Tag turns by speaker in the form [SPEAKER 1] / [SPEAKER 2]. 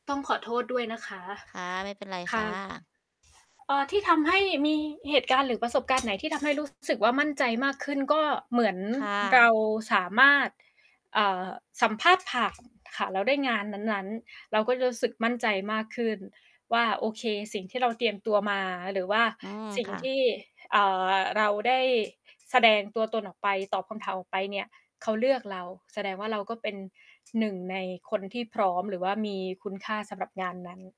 [SPEAKER 1] ต้องขอโทษด้วยนะคะ
[SPEAKER 2] ค่ะ ไม่เป็นไร
[SPEAKER 1] ค
[SPEAKER 2] ค
[SPEAKER 1] ่
[SPEAKER 2] ่
[SPEAKER 1] ะ
[SPEAKER 2] ะ
[SPEAKER 1] เอ่อ ที่ทำให้มีเหตุการณ์หรือประสบการณ์ไหนที่ทำให้ รู้สึกว่ามั่นใจมากขึ้นก็เหมือน
[SPEAKER 2] ค่
[SPEAKER 1] เรา
[SPEAKER 2] ะ
[SPEAKER 1] สามารถ เอ่อ สัมภาษณ์ ผ่านค่ะ แล้วได้งานนั้น ๆ เราก็จะรู้สึกมั่นใจมากขึ้นว่า โอเค สิ่งที่เราเตรียมตัวมาหรือว่า
[SPEAKER 2] อืม
[SPEAKER 1] สิ่ง
[SPEAKER 2] ค่
[SPEAKER 1] ท
[SPEAKER 2] ะ
[SPEAKER 1] ี่ อ่า เราได้แสดง ตัวตนออกไป ตอบคำถามออกไปเนี่ย เขาเลือกเรา แสดงว่าเราก็เป็น 1 ในคนที่พร้อมหรือว่ามีคุณค่าสำหรับ งานนั้น